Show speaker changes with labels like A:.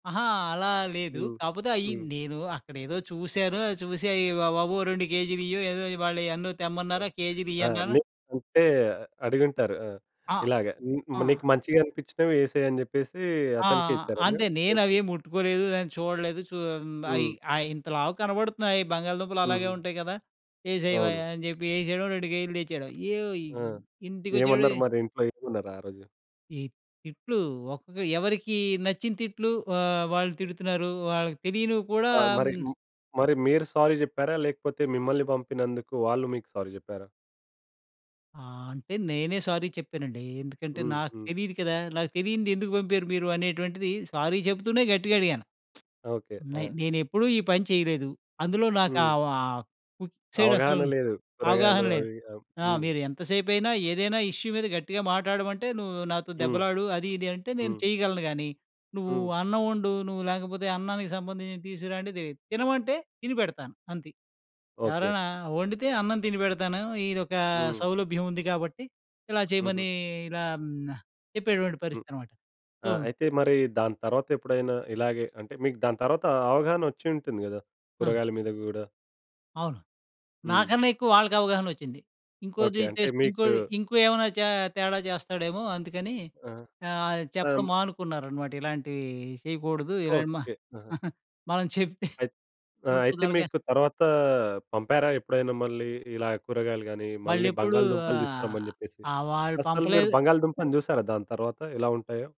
A: అహా! అలా లేదు.
B: హ్మ్.
A: కాపోతే అయ్యీ
B: హ్మ్.
A: నేను అక్కడేదో చూశాను. ఆహ్, చూసి అయ్యివ్వవా బాబు 2 కేజీలియ్యు. ఏదో ఇవాళ ఎన్నో
B: ఆ!
A: తెమ్మన్నారు. ఆ
B: ఆ!
A: కేజీలియ్యన్నాను.
B: ని అంటే, అడిగుంటారు. ఆ!
A: ఆ!
B: ఇలాగా, హ్మ్,
A: ఆ!
B: నీకు మంచిగనిపిచ్చినవి యేసేయి అని జెప్పేసీ
A: ఆ!
B: అతనికే ఇచ్చారా మీరు?
A: అంతే.
B: ఓకే.
A: నేనవేం ముట్టుకోలేదు. దాన్ని చూడలేదు. చూ హ్మ్, అయి
B: హ్మ్.
A: అయ్యి ఇంత లావుగ కనబడుతున్నాయి. బంగాళదుంపలు అలాగే
B: హుహు.
A: ఉంటాయి గదా! యేసేయవయ్యా
B: అవును.
A: అని జెప్పి యేసేయడం. 2 కేజీలు తెచ్చేయడం. య్యోయి
B: ఆ!
A: ఇంటికొచ్చేప్పుడే
B: ఏమన్నారు మరి ఇంట్లో ఏమన్నారు ఆ రోజు?
A: ఈ తిట్లూ ఒక్కొక్క ఎవరికీ నచ్చిన తిట్లు ఆహ్, వాళ్ళు తిడుతున్నారు. వాళ్ళకి తెలియనివి కూడా
B: ఆ! మరి
A: హ్మ్
B: హ్మ్, మరి మీరు సారీ జెప్పారా? లేకపోతే, మిమ్మల్ని పంపినందుకు వాళ్ళు మీకు సారీ జెప్పారా?
A: ఆ! అంటే, నేనే సారీ చెప్పానండి. ఎందుకంటే,
B: హ్మ్.
A: నాకు
B: హ్మ్.
A: తెలీదు కదా! నాకు తెలీనిదే ఎందుకు పంపారు మీరు అనేటువంటిది, సారీ చెప్తూనే గట్టిగడిగాను.
B: ఓకే.
A: నై
B: ఆ!
A: నేనెప్పుడూ ఈ పని చెయలేదు. అందులో నాకు
B: హ్మ్.
A: ఆహ్, ఆహ్, ఫుడ్ సైడసలు
B: అవగాహన లేదు. కూరగాయలు
A: అవగాహన లేదు.
B: అవి. ఆ!
A: ఆ!
B: హ్మ్.
A: మీరు ఎంత సేపైనా ఏదైనా ఇష్యూ మీద గట్టిగా మాట్టాడమంటే, నువ్వు నాతో
B: హ్మ్.
A: దెబ్బలాడు, అది ఇది అంటే నేను
B: హ్మ్.
A: చెయగలను గానీ, నువ్వు
B: హ్మ్.
A: అన్నవొండు, నువ్వు లేకపోతే అన్నానికి సంబంధించి తీసుకురా అంటే తెలీదు. తినమంటే, తిని పెడతాను అంతే.
B: ఓకే.
A: ఎవరైనా ఒండితే అన్నం తినిపెడతాను. ఇదొకా
B: హ్మ్.
A: సౌలభ్యం ఉంది గాబట్టి, ఇలా
B: హుహు.
A: చెయమనీ ఇలా హ్మ్, న చెప్పేటువంటి
B: హ్మ్.
A: పరిస్థితనమాట. సో
B: ఆ! అయితే, మరీ దాని తర్వాత ఎప్పుడైనా ఇలాగే అంటే, మీకు దాని తర్వాతా అవగాహన ఒచ్చి ఉంటుంది గదా,
A: ఆ!
B: కూరగాయల మీద గూడా?
A: అవును.
B: హ్మ్.
A: నాకన్నెక్కువ వాళ్ళకావగాహనొచ్చింది. ఇంకోటి
B: ఓకే. అంటే
A: చేస్ ఇంకో
B: మీకు
A: ఇంకో ఏమైనా చా తేడా చేస్తాడేమో అందుకనీ
B: ఆ!
A: ఆహ్,
B: అం
A: చెప్పడం మానుకున్నారనమాట. ఇలాంటివీ చెయకూడదూ. ఇలాంటి మా
B: ఓకే. ఆహా!
A: మనం చెప్తే
B: అయిత్ ఆ! అయితే,
A: ఇంపుదరగ
B: మీకు తర్వాతా పంపారా ఎప్పుడైనా మళ్ళీ ఇలా కూరగాయలు గానీ, మళ్ళీ
A: మళ్ళెప్పుడూ
B: బంగాళదుంపలు తీసుకురమ్మని జెప్పేసి?
A: ఆహ్, వాళ్ళు
B: అస్సలు మీరు
A: పంపలేదు.
B: బంగాళదుంపను జూశారా దాని తర్వాత, ఎలా ఉంటాయో?